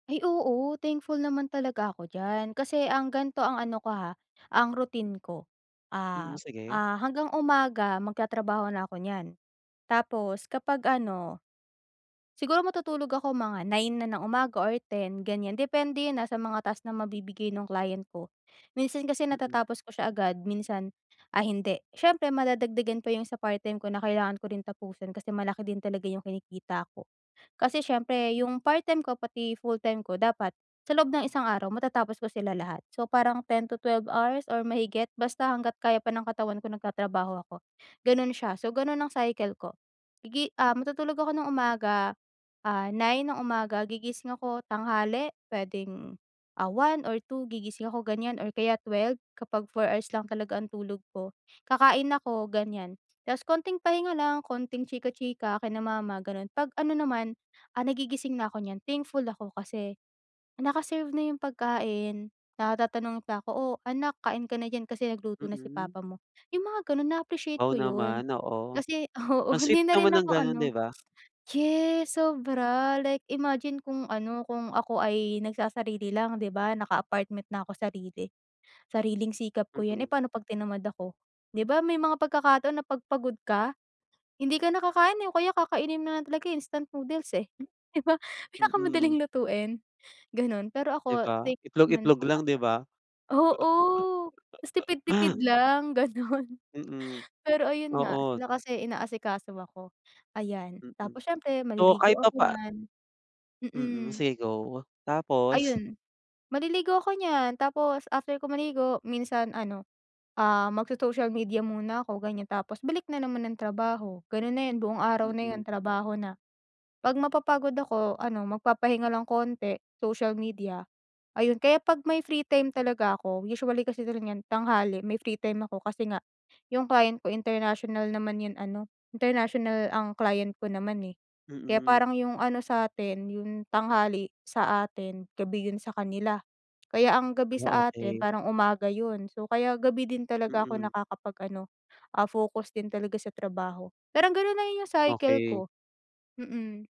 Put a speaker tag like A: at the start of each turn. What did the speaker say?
A: Ay, oo thankful naman talaga ako diyan kasi ang gan'to ang ano ko, ha, ang routine ko,
B: Mm,
A: ah,
B: sige.
A: ah, hanggang umaga magtatrabaho na ako nyan tapos kapag ano siguro matutulog ako mga 9 na ng umaga or 10 ganyan. Depende yan, ah, sa mga task na mabibigay ng client ko, minsan kasi
B: Mm.
A: natatapos ko siya agad, minsan ay hindi. Siyempre madadagdagan pa yung sa part-time ko na kailangan ko rin tapusin kasi malaki din talaga yung kinikita ko. Kasi siyempre yung part-time ko pati full-time ko dapat sa loob ng isang araw matatapos ko sila lahat so, parang 10 to 12 hours or mahigit basta hangga't kaya pa ng katawan ko nagtatrabaho ako, gano'n siya. So, gano'n ang cycle ko. Igi ah matutulog ako ng umaga, ah, 9 ng umaga gigising ako tanghali puwedeng, ah, 1 or 2 gigising ako ganyan or kaya 12 kapag 4 hours lang talaga ang tulog ko, kakain ako ganyan tapos konting pahinga lang konting chika-chika kina mama gano'n. Pag ano naman, ah, nagigising na ako niyan thankful ako kasi naka-serve na yung pagkain, ah, tatanungin pa ako, "Oh anak kain ka na diyan kasi nagluto na si
B: Mm.
A: papa mo" yung mga gano'n na-appreciate
B: Wow
A: ko 'yon.
B: naman, oo.
A: Kasi oo,
B: Ang sweet
A: hindi na rin
B: naman ng
A: ako
B: gano'n di
A: ano
B: ba?
A: yes sobra! Like imagine kung ano kung ako ay nagsasarili lang di ba, naka apartment na ako sarili, sariling sikap ko yan, eh.
B: Mm.
A: Pano pag tinamad ako di ba, may mga pagkakataon na pag pagod ka hindi ka na kakain, eh, o kaya kakainin mo na lang talaga, eh, instant noodles, eh, di ba?
B: Mm.
A: Pinakamadaling lutuin gano'n. Pero
B: Di
A: ako
B: ba,
A: thankful
B: itlog
A: naman
B: itlog
A: ako
B: lang
A: kasi
B: diba?
A: oo, mas tipid-tipid lang gano'n.
B: Mm,
A: Pero ayun nga
B: oo.
A: sila kasi inaasikaso ako, ayan.
B: Mm,
A: Tapos siyempre
B: so
A: maliligo
B: kahit
A: ako
B: papa
A: nyan
B: Mm,
A: mm.
B: sige go tapos?
A: Ayun, maliligo ako nyan tapos after ko maligo minsan ano, ah, magso-social media muna ako ganyan tapos balik na naman ng trabaho, gano'n na yon buong araw na
B: Mm.
A: 'yon trabaho na. Pag mapapagod ako ano magpapahinga lang konti, social media ayun. Kaya pag may free time talaga ako usually kasi talaga nyan tanghali may free time ako kasi nga yung client ko international naman yung ano international ang client ko naman, eh, kaya
B: Mm.
A: parang yung ano sa'tin yung tanghali sa atin gabi 'yon sa kanila kaya ang gabi
B: Ah,
A: sa atin
B: okey.
A: parang umaga 'yon so, kaya gabi din talaga ako
B: Mm.
A: nakakapag-ano, ah, focus din talaga sa trabaho. Parang gano'n na yung cycle
B: Okey.
A: ko, mm.